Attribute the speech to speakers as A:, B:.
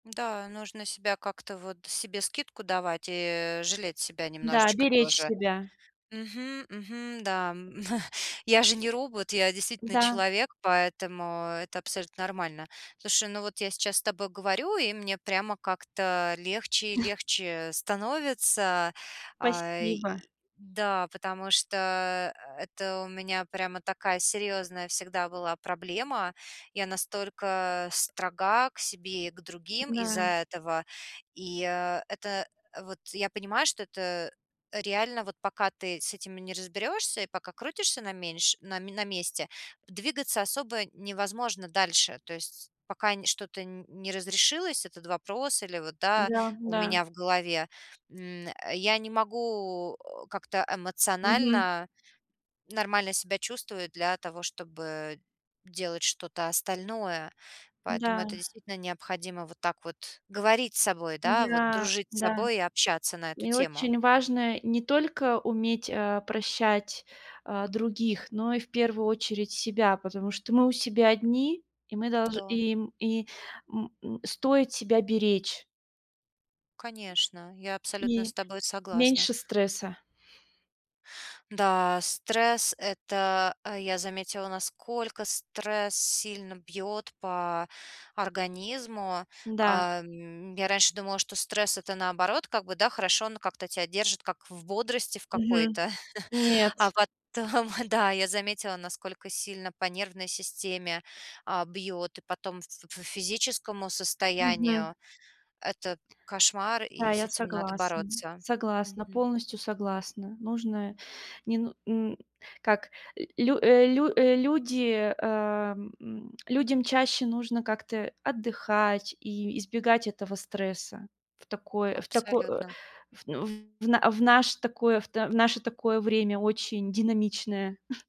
A: Да, нужно себя как-то, вот себе скидку давать и жалеть себя
B: Да,
A: немножечко
B: беречь
A: тоже.
B: себя.
A: Мгм, мгм, да. Я же не робот, я действительно
B: Да.
A: человек, поэтому это абсолютно нормально. Слушай, ну вот я сейчас с тобой говорю, и мне прямо как-то легче и легче становится. Э,
B: Спасибо.
A: и да, потому что это у меня прямо такая серьезная всегда была проблема. Я настолько строга к себе и к другим из-за
B: Да.
A: этого. И, э, это вот я понимаю, что это реально, вот пока ты с этим не разберёшься и пока крутишься на меньш на ме на месте, двигаться особо невозможно дальше. То есть пока не что-то нь не разрешилось, этот вопрос или вот да,
B: Да
A: у
B: да.
A: меня в голове, м, я не могу как-то
B: Мгм.
A: эмоционально нормально себя чувствовать для того, чтобы делать что-то остальное. Поэтому
B: Да.
A: это действительно необходимо вот так вот говорить с собой, да, вот
B: Да
A: дружить с
B: да.
A: собой и общаться на эту
B: И
A: тему.
B: очень важно не только уметь, э, прощать, э, других, но и в первую очередь себя. Потому что мы у себя одни, и мы долж
A: Да.
B: и м и м м стоит себя беречь.
A: Конечно, я абсолютно с
B: И
A: тобой согласна.
B: меньше стресса.
A: Да, стресс- это Я заметила, насколько стресс сильно бьет по организму.
B: Да.
A: А, м, я раньше думала, что стресс- это, наоборот, как бы, да, хорошо, он как-то тебя держит как в бодрости в
B: Мгм.
A: какой-то.
B: Нет.
A: А потом, да, я заметила, насколько сильно по нервной системе, а, бьет и потом ф ф физическому
B: Мгм.
A: состоянию. Это кошмар.
B: Да,
A: И с
B: я
A: этим надо
B: согласна
A: бороться.
B: согласна,
A: Мгм.
B: полностью согласна. Нужно, не ну м, как ль лю э, лю э, люди, эм, м, людям чаще нужно как-то отдыхать и избегать этого стресса. В такое в тако э,
A: Абсолютно.
B: в ну в в на в наш такой, в та в наше такое время очень динамичное.